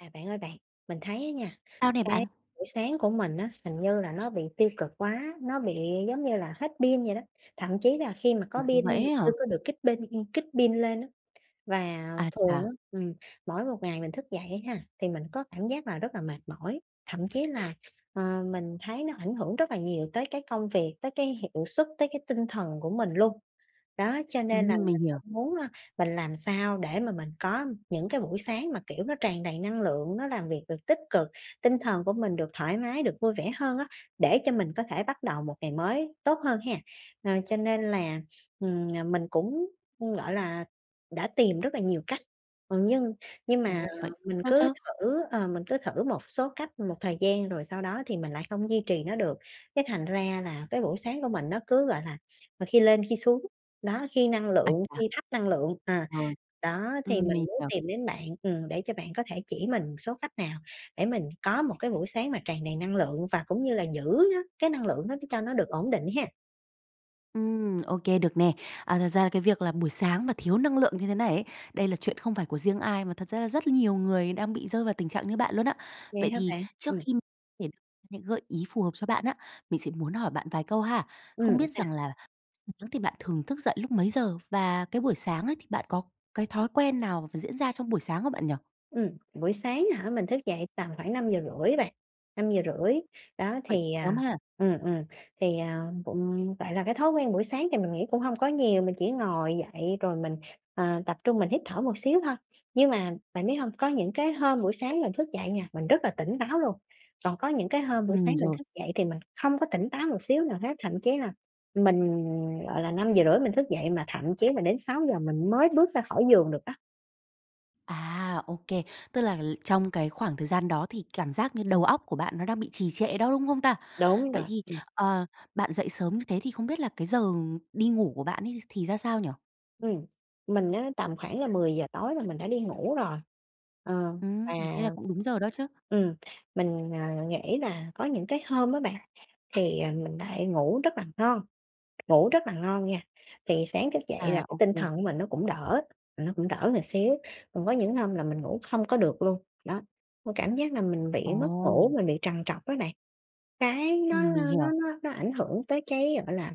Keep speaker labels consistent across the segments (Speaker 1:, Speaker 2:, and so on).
Speaker 1: À, bạn ơi bạn, mình thấy á nha,
Speaker 2: Sao này
Speaker 1: cái
Speaker 2: bạn?
Speaker 1: buổi sáng của mình á, hình như là nó bị tiêu cực quá, nó bị giống như là hết pin vậy đó, thậm chí là khi mà có
Speaker 2: Ồ,
Speaker 1: pin
Speaker 2: vậy
Speaker 1: nhưng
Speaker 2: ấy
Speaker 1: mà chưa
Speaker 2: hả?
Speaker 1: có được kích pin ừm, kích pin lên á. Và
Speaker 2: Ái
Speaker 1: thường
Speaker 2: chà.
Speaker 1: á, ừm, mỗi một ngày mình thức dậy á ha, thì mình có cảm giác là rất là mệt mỏi, thậm chí là, ờ, mình thấy nó ảnh hưởng rất là nhiều tới cái công việc, tới cái hiệu suất, tới cái tinh thần của mình luôn. Đó, cho nên là
Speaker 2: Ừm,
Speaker 1: mình
Speaker 2: mình hiểu.
Speaker 1: không muốn á mình làm sao để mà mình có những cái buổi sáng mà, kiểu, nó tràn đầy năng lượng, nó làm việc được tích cực, tinh thần của mình được thoải mái, được vui vẻ hơn á, để cho mình có thể bắt đầu một ngày mới tốt hơn ha. Ờ, cho nên là, ừm, ờ, mình cũng, ừm, gọi là, đã tìm rất là nhiều cách, ừm, nhưng nhưng mà
Speaker 2: Ồ, vậy
Speaker 1: mình
Speaker 2: khó
Speaker 1: cứ
Speaker 2: chứ?
Speaker 1: thử, ờ, mình cứ thử một số cách một thời gian rồi sau đó thì mình lại không duy trì nó được. Cái thành ra là cái buổi sáng của mình nó cứ, gọi là, khi lên khi xuống, đó, khi năng lượng,
Speaker 2: [unintelligible]
Speaker 1: khi thấp năng lượng, ờ,
Speaker 2: Ừ.
Speaker 1: đó, thì
Speaker 2: Ừm,
Speaker 1: mình
Speaker 2: mình
Speaker 1: muốn
Speaker 2: hiểu.
Speaker 1: tìm đến bạn, ừm, để cho bạn có thể chỉ mình số khách nào để mình có một cái buổi sáng mà tràn đầy năng lượng và cũng như là giữ nó cái năng lượng đó cho nó được ổn định ha.
Speaker 2: Ừm, ô kê, được nè. À, thật ra là cái việc là buổi sáng mà thiếu năng lượng như thế này ấy, đây là chuyện không phải của riêng ai mà thật ra là rất nhiều người đang bị rơi vào tình trạng như bạn luôn á.
Speaker 1: Vậy
Speaker 2: Vậy
Speaker 1: hả
Speaker 2: thì
Speaker 1: bạn?
Speaker 2: trước
Speaker 1: Ừm.
Speaker 2: khi thể những gợi ý phù hợp cho bạn á, mình sẽ muốn hỏi bạn vài câu ha, không
Speaker 1: Ừm.
Speaker 2: biết
Speaker 1: Sao?
Speaker 2: rằng là [unintelligible] thì bạn thường thức dậy lúc mấy giờ? Và cái buổi sáng ấy thì bạn có cái thói quen nào thì diễn ra trong buổi sáng không bạn nhỉ?
Speaker 1: Ừm, buổi sáng hả? Mình thức dậy tầm khoảng 5:30 á bạn, 5:30, đó,
Speaker 2: Vậy
Speaker 1: thì,
Speaker 2: sớm
Speaker 1: à
Speaker 2: ha.
Speaker 1: ừ, ừ, thì, ờ, ừm, gọi là, cái thói quen buổi sáng thì mình nghĩ cũng hông có nhiều, mình chỉ ngồi dậy rồi mình, ờ, tập trung mình hít thở một xíu thôi. Nhưng mà bạn biết hông, có những cái hôm buổi sáng mình thức dậy nha, mình rất là tỉnh táo luôn, còn có những cái hôm buổi sáng
Speaker 2: Ừm,
Speaker 1: mình
Speaker 2: rồi.
Speaker 1: thức dậy thì mình không có tỉnh táo một xíu nào hết, thậm chí là mình, gọi là, 5:30 mình thức dậy mà thậm chí mà đến 6:00 mình mới bước ra khỏi giường được đó.
Speaker 2: À! Ô kê. Tức là trong cái khoảng thời gian đó thì cảm giác như đầu óc của bạn nó đang bị trì trệ đó, đúng không ta?
Speaker 1: Đúng
Speaker 2: Vậy
Speaker 1: rồi,
Speaker 2: thì,
Speaker 1: ừm.
Speaker 2: ờ, bạn dậy sớm như thế thì không biết là cái giờ đi ngủ của bạn ấy thì ra sao nhỉ?
Speaker 1: Ừm, mình á, tầm khoảng là 10:00 tối là mình đã đi ngủ rồi, ờ, và
Speaker 2: Ừm, thế là cũng đúng giờ đó chứ.
Speaker 1: ừm, mình, à, nghĩ là có những cái hôm á bạn, thì, à, mình lại ngủ rất là ngon, ngủ rất là ngon nha, thì sáng thức dậy là
Speaker 2: À,
Speaker 1: cái
Speaker 2: ô
Speaker 1: tinh
Speaker 2: kê.
Speaker 1: thần của mình nó cũng đỡ, nó cũng đỡ một xíu. Còn với những hôm là mình ngủ không có được luôn, đó, cảm giác là mình bị mất ngủ,
Speaker 2: Ồ.
Speaker 1: mình bị trằn trọc á bạn. Cái nó
Speaker 2: Ừm, mình
Speaker 1: nó nó
Speaker 2: hiểu.
Speaker 1: nó ảnh hưởng tới cái, gọi là,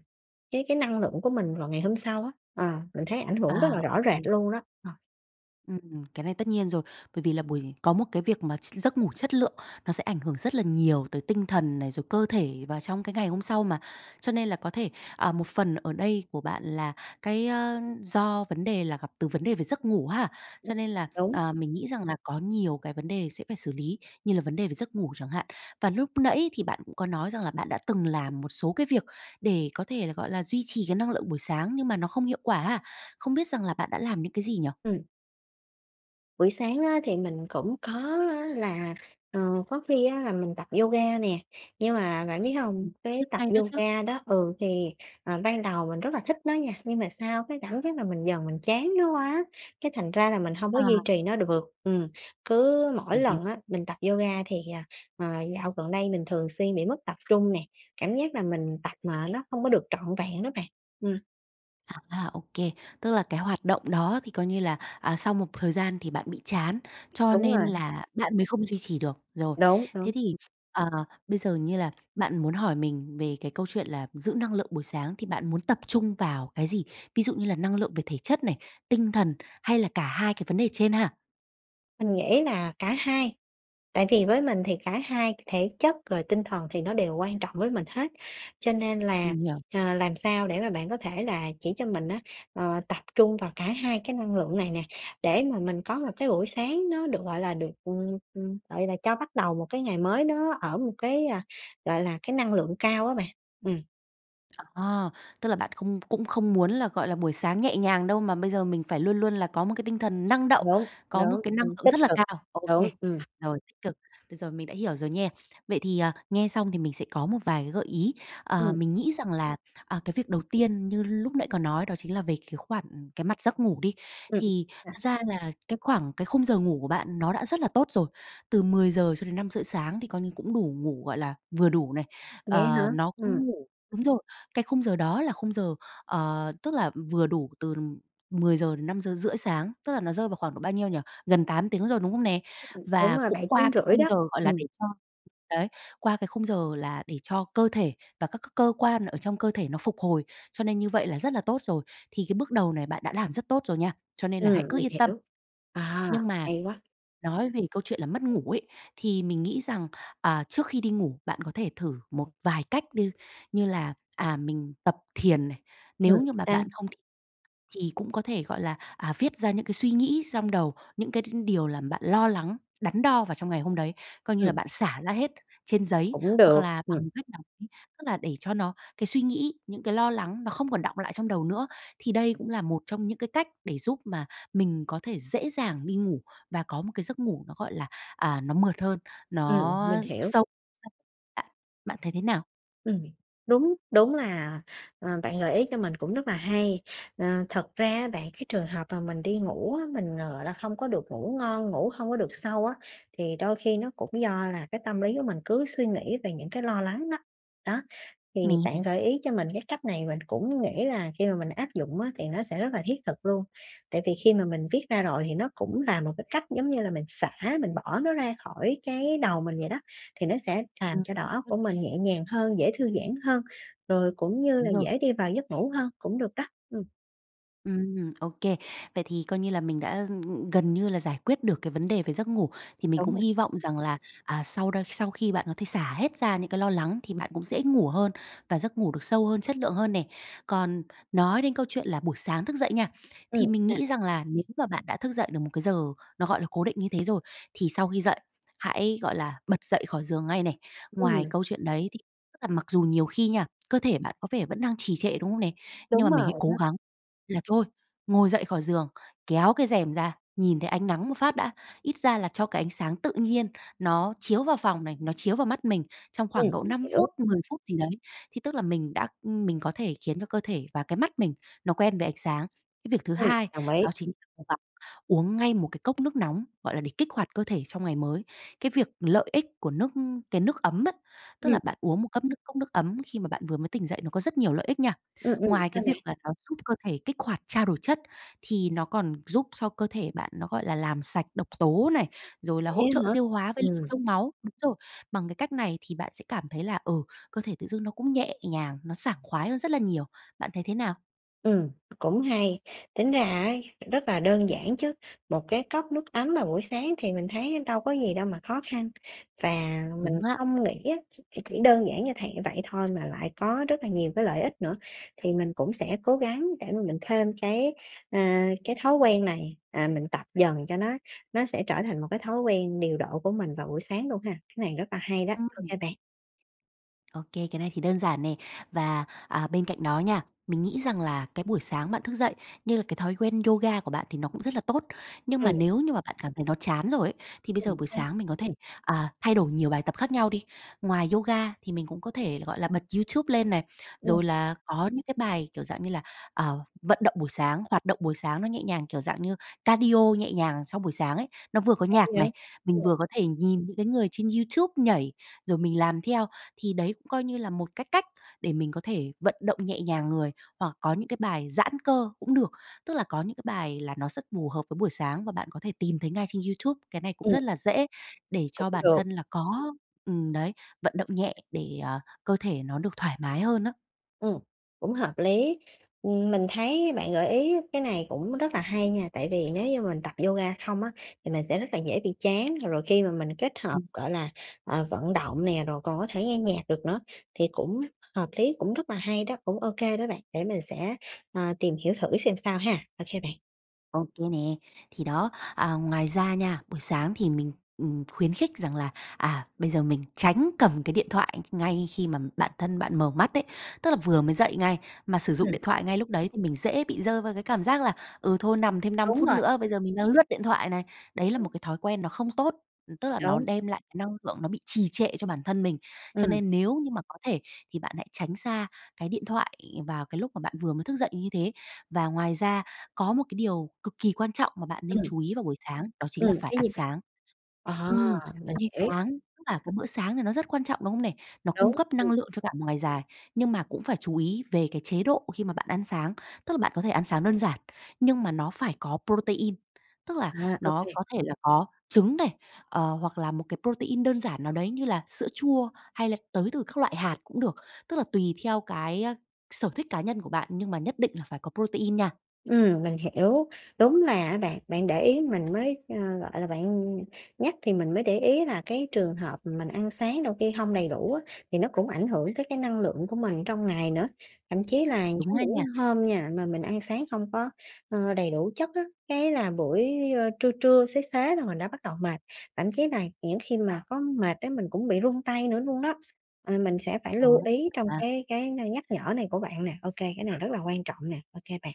Speaker 1: cái cái năng lượng của mình vào ngày hôm sau á ờ, mình thấy ảnh
Speaker 2: À,
Speaker 1: hưởng rất là
Speaker 2: ô
Speaker 1: rõ rệt
Speaker 2: kê.
Speaker 1: luôn đó ờ.
Speaker 2: Ừm, cái này tất nhiên rồi, bởi vì là buổi có một cái việc mà gi giấc ngủ chất lượng, nó sẽ ảnh hưởng rất là nhiều tới tinh thần này, rồi cơ thể và trong cái ngày hôm sau mà, cho nên là có thể à, một phần ở đây của bạn là, cái, a do vấn đề là gặp từ vấn đề về giấc ngủ ha, cho nên là,
Speaker 1: Đúng.
Speaker 2: à, mình nghĩ rằng là có nhiều cái vấn đề sẽ phải xử lý, như là vấn đề về giấc ngủ chẳng hạn. Và lúc nãy thì bạn cũng có nói rằng là bạn đã từng làm một số cái việc để có thể là, gọi là, duy trì cái năng lượng buổi sáng, nhưng mà nó không hiệu quả ha, không biết rằng là bạn đã làm những cái gì nhỉ?
Speaker 1: Ừm. Buổi sáng á thì mình cũng có á là, ờ, có khi á là mình tập yoga nè, nhưng mà bạn biết hông, cái
Speaker 2: Rất
Speaker 1: tập
Speaker 2: hay đó chứ.
Speaker 1: yoga đó ừ, thì, ờ, ban đầu mình rất là thích nó nha, nhưng mà sau cái cảm giác là mình dần mình chán nó quá, cái thành ra là mình hông có
Speaker 2: À.
Speaker 1: duy trì nó được ừm. Cứ mỗi
Speaker 2: [unintelligible]
Speaker 1: lần á mình tập yoga thì, à, ờ, dạo gần đây mình thường xuyên bị mất tập trung nè, cảm giác là mình tập mà nó không có được trọn vẹn đó bạn ừm.
Speaker 2: À, à, ô kê. Tức là cái hoạt động đó á thì coi như là, à, sau một thời gian thì bạn bị chán, cho
Speaker 1: Đúng
Speaker 2: nên
Speaker 1: rồi.
Speaker 2: là bạn mới không duy trì được. Rồi,
Speaker 1: Đúng,
Speaker 2: thế
Speaker 1: đúng.
Speaker 2: thì, ờ, bây giờ như là bạn muốn hỏi mình về cái câu chuyện là giữ năng lượng buổi sáng thì bạn muốn tập trung vào cái gì, ví dụ như là năng lượng về thể chất này, tinh thần hay là cả hai cái vấn đề trên ha?
Speaker 1: Mình nghĩ là cả hai, tại vì với mình thì cả hai thể chất rồi tinh thần thì nó đều quan trọng với mình hết, cho nên là,
Speaker 2: Mình hiểu.
Speaker 1: ờ, làm sao để mà bạn có thể là chỉ cho mình á, ờ, tập trung vào cả hai cái năng lượng này nè, để mà mình có một cái buổi sáng nó được, gọi là, được, ừm, ừm, gọi là cho bắt đầu một cái ngày mới nó ở một cái, ờ, gọi là, cái năng lượng cao á bạn ừm.
Speaker 2: À, tức là bạn không cũng không muốn là, gọi là, buổi sáng nhẹ nhàng đâu mà bây giờ mình phải luôn luôn là có một cái tinh thần năng động,
Speaker 1: Đúng,
Speaker 2: có một
Speaker 1: đúng,
Speaker 2: cái năng
Speaker 1: ừm,
Speaker 2: lượng
Speaker 1: tích
Speaker 2: rất là
Speaker 1: cực,
Speaker 2: cao. Ô kê,
Speaker 1: đúng, ừm.
Speaker 2: rồi tích cực, bây giờ mình đã hiểu rồi nha. Vậy thì, à, nghe xong thì mình sẽ có một vài cái gợi ý. Ờ,
Speaker 1: Ừm.
Speaker 2: mình nghĩ rằng là, à, cái việc đầu tiên như lúc nãy có nói đó chính là về cái khoản, ừm, cái mặt giấc ngủ đi,
Speaker 1: Ừm.
Speaker 2: thì
Speaker 1: ừm.
Speaker 2: thực
Speaker 1: [unintelligible]
Speaker 2: ra là cái khoảng, cái khung giờ ngủ của bạn nó đã rất là tốt rồi, từ 10:00 cho đến 5:30 sáng thì coi như cũng đủ ngủ, gọi là, vừa đủ này,
Speaker 1: Vậy hả?
Speaker 2: ờ, nó
Speaker 1: Ừm.
Speaker 2: cũng ngủ đúng rồi, cái khung giờ đó là khung giờ, ờ, tức là, ừm, vừa đủ từ 10:00-5:30 sáng, tức là nó rơi vào khoảng độ bao nhiêu nhỉ? Gần 8 tiếng rồi, đúng không nè?
Speaker 1: Ừm, ừm, đúng
Speaker 2: Và
Speaker 1: rồi,
Speaker 2: cũng
Speaker 1: bảy
Speaker 2: qua
Speaker 1: tiếng
Speaker 2: cái
Speaker 1: rưỡi
Speaker 2: khung
Speaker 1: đó,
Speaker 2: giờ, gọi là,
Speaker 1: ừm.
Speaker 2: để cho đấy, qua cái khung giờ là để cho cơ thể và các cái cơ quan ở trong cơ thể nó phục hồi, cho nên như vậy là rất là tốt rồi, thì cái bước đầu này bạn đã làm rất tốt rồi nha, cho nên là hãy
Speaker 1: Ừm,
Speaker 2: cứ
Speaker 1: mình
Speaker 2: yên tâm.
Speaker 1: hiểu. À,
Speaker 2: Nhưng mà
Speaker 1: hay quá!
Speaker 2: nói về câu chuyện là mất ngủ ấy, thì mình nghĩ rằng, à, trước khi đi ngủ, bạn có thể thử một vài cách đi, như là, à, mình tập thiền này.
Speaker 1: Ừm,
Speaker 2: Nếu như mà
Speaker 1: sao?
Speaker 2: bạn không thích thì cũng có thể, gọi là, à, viết ra những cái suy nghĩ xong đầu, những cái đ điều làm bạn lo lắng, đắn đo vào trong ngày hôm đấy, coi như là
Speaker 1: Ừm.
Speaker 2: bạn xả ra hết trên giấy,
Speaker 1: Cũng được,
Speaker 2: hoặc là bằng
Speaker 1: ừm.
Speaker 2: một cách nào đấy, tức là để cho nó cái suy nghĩ, những cái lo lắng nó không còn đọng lại trong đầu nữa. Thì đây cũng là một trong những cái cách để giúp mà mình có thể dễ dàng đi ngủ và có một cái giấc ngủ nó, gọi là, à, nó mượt hơn,
Speaker 1: Ừm,
Speaker 2: nó
Speaker 1: mình hiểu.
Speaker 2: sâu [unintelligible] bạn bạn thấy thế nào?
Speaker 1: Ừm, đúng, đúng là, ờ, bạn gợi ý cho mình cũng rất là hay. Ờ, thật ra á bạn cái trường hợp mà mình đi ngủ á, mình, ờ, gọi là, hông có được ngủ ngon, ngủ hông có được sâu á, thì đôi khi nó cũng do là cái tâm lý của mình cứ suy nghĩ về những cái lo lắng đó, đó. Thì
Speaker 2: Mình
Speaker 1: bạn
Speaker 2: hiểu.
Speaker 1: gợi ý cho mình cái cách này mình cũng nghĩ là khi mà mình áp dụng á, thì nó sẽ rất là thiết thực luôn. Tại vì khi mà mình viết ra rồi, thì nó cũng là một cái cách giống như là mình xả, mình bỏ nó ra khỏi cái đầu mình vậy đó, thì nó sẽ làm
Speaker 2: Ừm.
Speaker 1: cho đầu óc của
Speaker 2: [unintelligible]
Speaker 1: mình nhẹ nhàng hơn, dễ thư giãn hơn, rồi cũng như
Speaker 2: Đúng
Speaker 1: là
Speaker 2: rồi.
Speaker 1: dễ đi vào giấc ngủ hơn, cũng được đó, ừm.
Speaker 2: Ừm, ô kê. Vậy thì coi như là mình đã, ừm, ừm, gần như là giải quyết được cái vấn đề về giấc ngủ, thì mình
Speaker 1: Đúng
Speaker 2: cũng
Speaker 1: rồi.
Speaker 2: hy vọng rằng là, à, sau đ sau khi bạn có thể xả hết ra những cái lo lắng, thì bạn cũng dễ ngủ hơn và giấc ngủ được sâu hơn, chất lượng hơn nè. Còn nói đến câu chuyện là buổi sáng thức dậy nha,
Speaker 1: Ừm,
Speaker 2: thì mình
Speaker 1: sao?
Speaker 2: nghĩ rằng là, nếu mà bạn đã thức dậy được một cái giờ nó, gọi là, cố định như thế rồi, thì sau khi dậy, hãy, gọi là, bật dậy khỏi giường ngay này. Ngoài
Speaker 1: Ừm.
Speaker 2: câu chuyện đấy thì tức là mặc dù nhiều khi nha, cơ thể bạn có vẻ vẫn đang trì trệ, đúng không nè? Nhưng mà
Speaker 1: Đúng
Speaker 2: mình hãy
Speaker 1: rồi
Speaker 2: cố
Speaker 1: đó.
Speaker 2: gắng là thôi, ngồi dậy khỏi giường, kéo cái rèm ra, nhìn thấy ánh nắng một phát đã, ít ra là cho cái ánh sáng tự nhiên nó chiếu vào phòng này, nó chiếu vào mắt mình trong khoảng
Speaker 1: Ừm,
Speaker 2: độ
Speaker 1: mình
Speaker 2: 5
Speaker 1: hiểu.
Speaker 2: phút, 10 phút gì đấy, thì tức là mình đã mình có thể khiến cho cơ thể và cái mắt mình, nó quen với ánh sáng. Cái việc thứ
Speaker 1: Ừm,
Speaker 2: hai,
Speaker 1: đồng ý.
Speaker 2: đó chính cố gắng uống ngay một cái cốc nước nóng, gọi là, để kích hoạt cơ thể trong ngày mới, cái việc lợi ích của nước cái nước ấm á tức là
Speaker 1: Ừm.
Speaker 2: bạn uống một ấm nước cốc nước ấm khi mà bạn vừa mới tỉnh dậy, nó có rất nhiều lợi ích nha.
Speaker 1: Ưm, ừm,
Speaker 2: Ngoài
Speaker 1: sao
Speaker 2: cái
Speaker 1: bạn?
Speaker 2: việc là nó giúp cơ thể kích hoạt trao đổi chất, thì nó còn giúp cho cơ thể bạn nó, gọi là, làm sạch độc tố này, rồi là
Speaker 1: Vậy
Speaker 2: hỗ trợ
Speaker 1: á hả?
Speaker 2: tiêu hóa với lưu
Speaker 1: Ừm.
Speaker 2: thông máu đúng rồi, bằng cái cách này thì bạn sẽ cảm thấy là ừ, cơ thể tự dưng nó cũng nhẹ nhàng, nó sảng khoái hơn rất là nhiều, bạn thấy thế nào?
Speaker 1: Ừm, cũng hay, tính ra á rất là đơn giản chứ, một cái cốc nước ấm vào buổi sáng thì mình thấy đâu có gì đâu mà khó khăn. Và mình
Speaker 2: Đúng á.
Speaker 1: không nghĩ á, ch những đơn giản như thầy vậy thôi mà lại có rất là nhiều cái lợi ích nữa thì mình cũng sẽ cố gắng để mà mình thêm cái, à, cái thói quen này, à, mình tập dần cho nó nó sẽ trở thành một cái thói quen điều độ của mình vào buổi sáng luôn ha. Cái này rất là hay đó, ô
Speaker 2: Ừm.
Speaker 1: kê bạn.
Speaker 2: Ô kê, cái này thì đơn giản nè. Và, à, bên cạnh đó nha, mình nghĩ rằng là cái buổi sáng bạn thức dậy, như là cái thói quen yoga của bạn thì nó cũng rất là tốt, nhưng mà
Speaker 1: Ừm.
Speaker 2: nếu như mà bạn cảm thấy nó chán rồi ấy, thì bây giờ
Speaker 1: Ừm,
Speaker 2: buổi
Speaker 1: sao?
Speaker 2: sáng mình có thể, à, thay đổi nhiều bài tập khác nhau đi. Ngoài yoga thì mình cũng có thể là, gọi là, bật YouTube lên này,
Speaker 1: Ừm.
Speaker 2: rồi là có những cái bài, kiểu, dạng như là, ờ, vận động buổi sáng, hoạt động buổi sáng nó nhẹ nhàng, kiểu, dạng như cardio nhẹ nhàng sau buổi sáng ấy. Nó vừa có
Speaker 1: Hay
Speaker 2: nhạc này,
Speaker 1: vậy,
Speaker 2: mình
Speaker 1: ừm.
Speaker 2: vừa có thể nhìn những cái người trên YouTube nhảy, rồi mình làm theo, thì đấy cũng coi như là một cái cách để mình có thể vận động nhẹ nhàng người, hoặc có những cái bài giãn cơ cũng được. Tức là có những cái bài là nó rất phù hợp với buổi sáng và bạn có thể tìm thấy ngay trên YouTube, cái này cũng
Speaker 1: Ừm.
Speaker 2: rất là dễ để
Speaker 1: Cũng
Speaker 2: cho bản
Speaker 1: được.
Speaker 2: thân là có ừm, đấy, vận động nhẹ để, à, cơ thể nó được thoải mái hơn á.
Speaker 1: Ừm, cũng hợp lý. Ừm, mình thấy bạn gợi ý cái này cũng rất là hay nha, tại vì nếu như mình tập yoga không á thì mình sẽ rất là dễ bị chán, rồi khi mà mình kết hợp,
Speaker 2: Ừm.
Speaker 1: gọi là, ờ, vận động nè, rồi còn có thể nghe nhạc được nữa, thì cũng h hợp lý, cũng rất là hay đó, cũng ô kê đó bạn, để mình sẽ, ờ, tìm hiểu thử xem sao ha, ô kê bạn.
Speaker 2: Ô kê nè. Thì đó, à, ngoài ra nha, buổi sáng thì mình, ừm, khuyến khích rằng là, à, bây giờ mình tránh cầm cái điện thoại ngay khi mà bản thân bạn mở mắt đấy, tức là vừa mới dậy ngay, mà sử dụng
Speaker 1: Ừm.
Speaker 2: điện thoại ngay lúc đấy thì mình dễ bị rơi vào cái cảm giác là "ừ, thôi nằm thêm 5
Speaker 1: Đúng
Speaker 2: phút
Speaker 1: rồi.
Speaker 2: nữa, bây giờ mình đang lướt điện thoại thoại này." Đấy là
Speaker 1: Ừm.
Speaker 2: một cái thói quen nó không tốt, ừm, tức là nó
Speaker 1: Đúng.
Speaker 2: đem lại cái năng lượng nó bị trì trệ cho bản thân mình, cho
Speaker 1: Ừm.
Speaker 2: nên nếu như mà có thể thì bạn hãy tránh xa cái điện thoại vào cái lúc mà bạn vừa mới thức dậy như thế. Và ngoài ra có một cái điều cực kỳ quan trọng mà bạn nên
Speaker 1: Ừm.
Speaker 2: chú ý vào buổi sáng, đó chính
Speaker 1: Ừm,
Speaker 2: là phải
Speaker 1: cái
Speaker 2: ăn
Speaker 1: gì vậy?
Speaker 2: sáng.
Speaker 1: À!
Speaker 2: Ừm,
Speaker 1: Mình
Speaker 2: ăn
Speaker 1: hiểu.
Speaker 2: sáng, tức là cái bữa sáng thì nó rất quan trọng, đúng không này? Nó cung
Speaker 1: Đúng.
Speaker 2: cấp năng
Speaker 1: Ừm.
Speaker 2: lượng cho cả một ngày dài. Nhưng mà cũng phải chú ý về cái chế độ khi mà bạn ăn sáng, tức là bạn có thể ăn sáng đơn giản, nhưng mà nó phải có protein, tức là
Speaker 1: À, ô
Speaker 2: nó
Speaker 1: kê.
Speaker 2: có thể là có trứng này, ờ, hoặc là một cái protein, đơn giản nào đấy như là sữa chua, hay là tới từ các loại hạt cũng được, tức là tùy theo cái, a, sở thích cá nhân của bạn nhưng mà nhất định là phải có protein, nha.
Speaker 1: Ừm, mình hiểu. Đúng là á bạn, bạn để ý mình mới ờ, gọi là, bạn nhắc thì mình mới để ý là cái trường hợp mình ăn sáng đôi khi hông đầy đủ á, thì nó cũng ảnh hưởng tới cái năng lượng của mình trong ngày nữa. Thậm chí là
Speaker 2: Đúng
Speaker 1: có
Speaker 2: á
Speaker 1: những
Speaker 2: nha.
Speaker 1: hôm nha mà mình ăn sáng hông có, ơ, đầy đủ chất á, cái là buổi, ơ, trưa trưa, xế xế là mình đã bắt đầu mệt. Thậm chí là những khi mà có mệt á mình cũng bị run tay nữa luôn đó. À, mình sẽ phải
Speaker 2: Ờ,
Speaker 1: lưu ý
Speaker 2: hiểu
Speaker 1: trong
Speaker 2: mà.
Speaker 1: cái cái nơi nhắc nhở này của bạn nè. Ô kê, cái này rất là quan trọng nè. Ô kê bạn.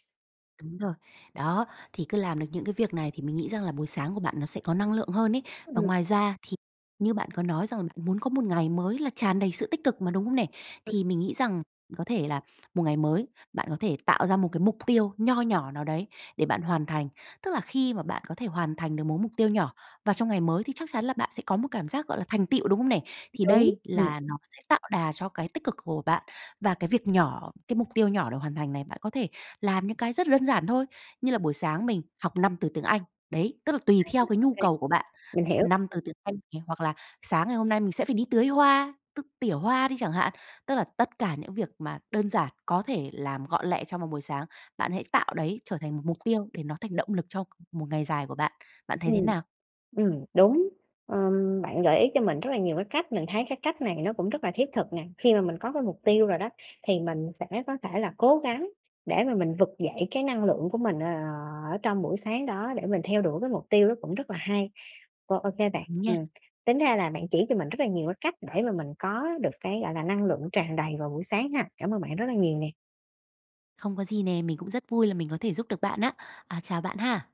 Speaker 2: Đúng rồi. Đó, thì cứ làm được những cái việc này thì mình nghĩ rằng là buổi sáng của bạn nó sẽ có năng lượng hơn ấy. Và
Speaker 1: Ừm.
Speaker 2: ngoài ra thì như bạn có nói rằng bạn muốn có một ngày mới là tràn đầy sự tích cực mà, đúng hông nè? Thì mình nghĩ rằng bạn có thể là một ngày mới, bạn có thể tạo ra một cái mục tiêu nho nhỏ nào đấy để bạn hoàn thành. Tức là khi mà bạn có thể hoàn thành được mỗi mục tiêu nhỏ, và trong ngày mới thì chắc chắn là bạn sẽ có một cảm giác gọi là thành tựu, đúng hông nè? Thì
Speaker 1: Đúng,
Speaker 2: đây
Speaker 1: ừm.
Speaker 2: là nó sẽ tạo đà cho cái tích cực của bạn. Và cái việc nhỏ, cái mục tiêu nhỏ được hoàn thành này bạn có thể làm những cái rất là đơn giản thôi, như là buổi sáng mình học 5 từ tiếng Anh. Đấy, tức là tùy
Speaker 1: À, ừm,
Speaker 2: theo cái
Speaker 1: ô
Speaker 2: nhu
Speaker 1: kê.
Speaker 2: cầu của bạn,
Speaker 1: Mình hiểu.
Speaker 2: 5
Speaker 1: Ừm.
Speaker 2: từ tiếng Anh nè, hoặc là sáng ngày hôm nay mình sẽ phải đi tưới hoa, t tỉa hoa đi chẳng hạn. Tức là tất cả những việc mà đơn giản, có thể làm gọn lẹ trong một buổi sáng, bạn hãy tạo đấy trở thành một mục tiêu để nó thành động lực cho một ngày dài của bạn. Bạn thấy thế
Speaker 1: Ừm,
Speaker 2: nào?
Speaker 1: ừm, đúng. Ờm, bạn gợi ý cho mình rất là nhiều cái cách, mình thấy cái cách này nó cũng rất là thiết thực nè. Khi mà mình có cái mục tiêu rồi đó, thì mình sẽ có thể là cố gắng để mà mình vực dậy cái năng lượng của mình, ờ, ờ, ở trong buổi sáng đó, để mình theo đuổi cái mục tiêu đó cũng rất là hay. Ô ô kê bạn,
Speaker 2: Đúng nha.
Speaker 1: ừm. Tính ra là bạn chỉ cho mình rất là nhiều cái cách để mà mình có được cái, gọi là, năng lượng tràn đầy vào buổi sáng ha. Cảm ơn bạn rất là nhiều nè!
Speaker 2: Không có gì nè, mình cũng rất vui là mình có thể giúp được bạn á. À, chào bạn ha!